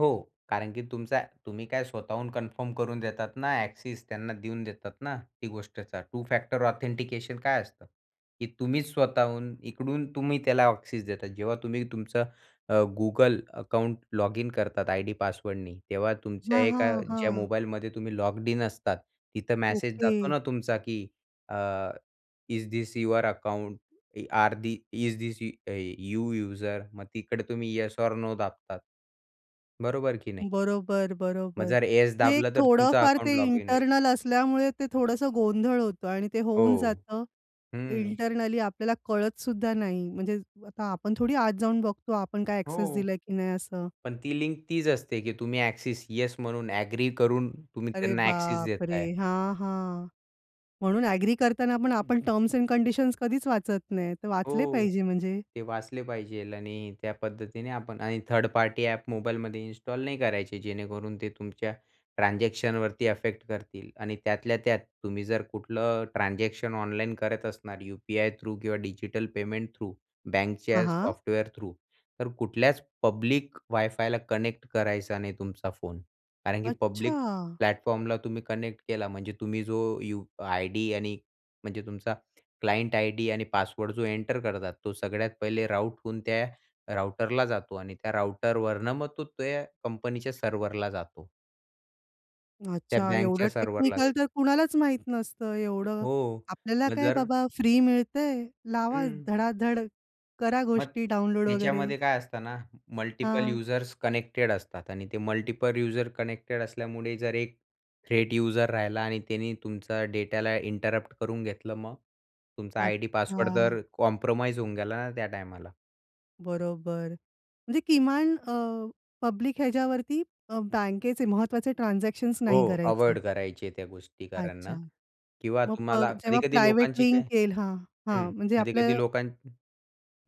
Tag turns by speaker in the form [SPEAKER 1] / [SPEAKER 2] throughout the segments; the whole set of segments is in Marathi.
[SPEAKER 1] हो कारण की तुमचा तुम्ही काय स्वतःहून कन्फर्म करून देतात ना, ॲक्सेस त्यांना देऊन देतात ना, ती गोष्टच टू-फॅक्टर ऑथेंटिकेशन काय असतं की तुम्हीच स्वतःहून इकडून तुम्ही त्याला ॲक्सेस देतात, जेव्हा तुम्ही तुमचं अ, Google अकाउंट लॉगइन करतात आयडी पासवर्डनी, तेव्हा तुमच्या
[SPEAKER 2] हां,
[SPEAKER 1] एका
[SPEAKER 2] हां,
[SPEAKER 1] ज्या
[SPEAKER 2] हां.
[SPEAKER 1] मोबाईलमध्ये तुम्ही लॉग्ड इन असतात तिथं मॅसेज जातो
[SPEAKER 2] ओके.
[SPEAKER 1] ना तुमचा, की अ, is this your account e or the is this uh, you user. मग तिकडे तुम्ही येस ऑर नो दाबतात. बरोबर की नाही.
[SPEAKER 2] बरोबर,
[SPEAKER 1] मग
[SPEAKER 2] बरोबर.
[SPEAKER 1] जर येस
[SPEAKER 2] जे
[SPEAKER 1] दाबलं, तर तुमचं
[SPEAKER 2] थोडंफार
[SPEAKER 1] अकाउंट
[SPEAKER 2] ते
[SPEAKER 1] लॉगिन होईल.
[SPEAKER 2] इंटरनल असल्यामुळे ते थोडंसं गोंधळ होतो आणि ते होऊन
[SPEAKER 1] हो.
[SPEAKER 2] जातं
[SPEAKER 1] हं.
[SPEAKER 2] इंटरनली आपल्याला कळतसुद्धा नाही, म्हणजे आता आपण थोडी आत जाऊन बघतो आपण काय ॲक्सेस
[SPEAKER 1] हो.
[SPEAKER 2] दिलाय की नाही असं.
[SPEAKER 1] पण ती लिंक तीच असते की तुम्ही ॲक्सेस, येस म्हणून ॲग्री करून तुम्ही
[SPEAKER 2] अरे,
[SPEAKER 1] त्यांना ॲक्सेस
[SPEAKER 2] बापरे!
[SPEAKER 1] देताय.
[SPEAKER 2] हां, हां, म्हणून ॲग्री करताना पण आपण टर्म्स अँड कंडिशन्स कधीच वाचत नाही, तर वाचले
[SPEAKER 1] हो,
[SPEAKER 2] पाहिजे म्हणजे.
[SPEAKER 1] ते वाचले पाहिजे. आणि त्या पद्धतीने आपण आणि थर्ड पार्टी ॲप मोबाईलमध्ये इन्स्टॉल नाही करायचे, जेणेकरून ते तुमच्या ट्रान्झॅक्शनवरती अफेक्ट करतील आणि त्यातल्या त्यात तुम्ही जर कुठलं ट्रान्झॅक्शन ऑनलाईन करत असणार यु-पी-आय थ्रू किंवा डिजिटल पेमेंट थ्रू
[SPEAKER 2] हां,
[SPEAKER 1] बँकच्या
[SPEAKER 2] हां.
[SPEAKER 1] सॉफ्टवेअर थ्रू तर कुठल्याच पब्लिक वायफायला कनेक्ट करायचा नाही तुमचा फोन कारण की पब्लिक
[SPEAKER 2] अच्छा!
[SPEAKER 1] प्लॅटफॉर्मला तुम्ही कनेक्ट केला म्हणजे तुम्ही जो यु आयडी आणि म्हणजे तुमचा क्लायंट आयडी आणि पासवर्ड जो एंटर करतात, तो सगळ्यात पहिले राउट होऊन त्या राउटरला जातो आणि त्या राउटरवरनं मग तो ते कंपनीच्या सर्व्हरला जातो. त्या
[SPEAKER 2] अच्छा, एवढं
[SPEAKER 1] बँकच्या सर्व्हरला
[SPEAKER 2] टेक्निकल
[SPEAKER 1] जातो.
[SPEAKER 2] तर कुणालाच माहीत नसतं, एवढं
[SPEAKER 1] हो.
[SPEAKER 2] आपल्याला
[SPEAKER 1] मग
[SPEAKER 2] काय
[SPEAKER 1] जर
[SPEAKER 2] बाबा फ्री मिळतंय, लावा
[SPEAKER 1] हं.
[SPEAKER 2] धडाधड करा
[SPEAKER 1] मग
[SPEAKER 2] गोष्टी डाउनलोड वगैरे.
[SPEAKER 1] त्याच्यामध्ये काय असतं ना, मल्टिपल
[SPEAKER 2] हां.
[SPEAKER 1] युजर्स कनेक्टेड असतात आणि ते मल्टिपल युजर कनेक्टेड असल्यामुळे जर एक थ्रेट युजर राहिला आणि त्यानी तुमचा डेटाला इंटरप्ट करून घेतलं मग? तुमचा आयडी पासवर्ड
[SPEAKER 2] अच्छा.
[SPEAKER 1] तर कॉम्प्रोमाईज होऊन गेला ना त्या टायमाला.
[SPEAKER 2] बरोबर. म्हणजे किमान अ, पब्लिक ह्याच्यावरती अ, बँकेचे महत्त्वाचे ट्रान्झॅक्शन्स नाही
[SPEAKER 1] हो,
[SPEAKER 2] करायचे.
[SPEAKER 1] अव्हॉइड करायची आहे त्या गोष्टी कारण
[SPEAKER 2] अच्छा,
[SPEAKER 1] अ, किंवा
[SPEAKER 2] मग प
[SPEAKER 1] तुम्हाला
[SPEAKER 2] जेव्हा
[SPEAKER 1] कधी-कधी
[SPEAKER 2] प्रायव्हेट
[SPEAKER 1] लोकांची काय
[SPEAKER 2] लिंक हां,
[SPEAKER 1] हं,
[SPEAKER 2] हां, म्हणजे
[SPEAKER 1] कधी-कधी
[SPEAKER 2] आपलं
[SPEAKER 1] लोकां हं,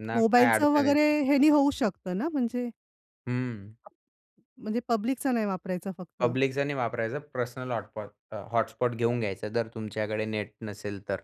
[SPEAKER 1] ना काय
[SPEAKER 2] मोबाईलचं
[SPEAKER 1] अडचण
[SPEAKER 2] वगैरे
[SPEAKER 1] येते
[SPEAKER 2] ह्यानी होऊ शकतं ना म्हणजे.
[SPEAKER 1] हं.
[SPEAKER 2] म्हणजे पब्लिकचा नाही वापरायचा फक्त.
[SPEAKER 1] पब्लिकचं नाही वापरायचं, पर्सनल हॉटपॉट अ, हॉटस्पॉट घेऊन घ्यायचं, जर तुमच्याकडे नेट नसेल तर.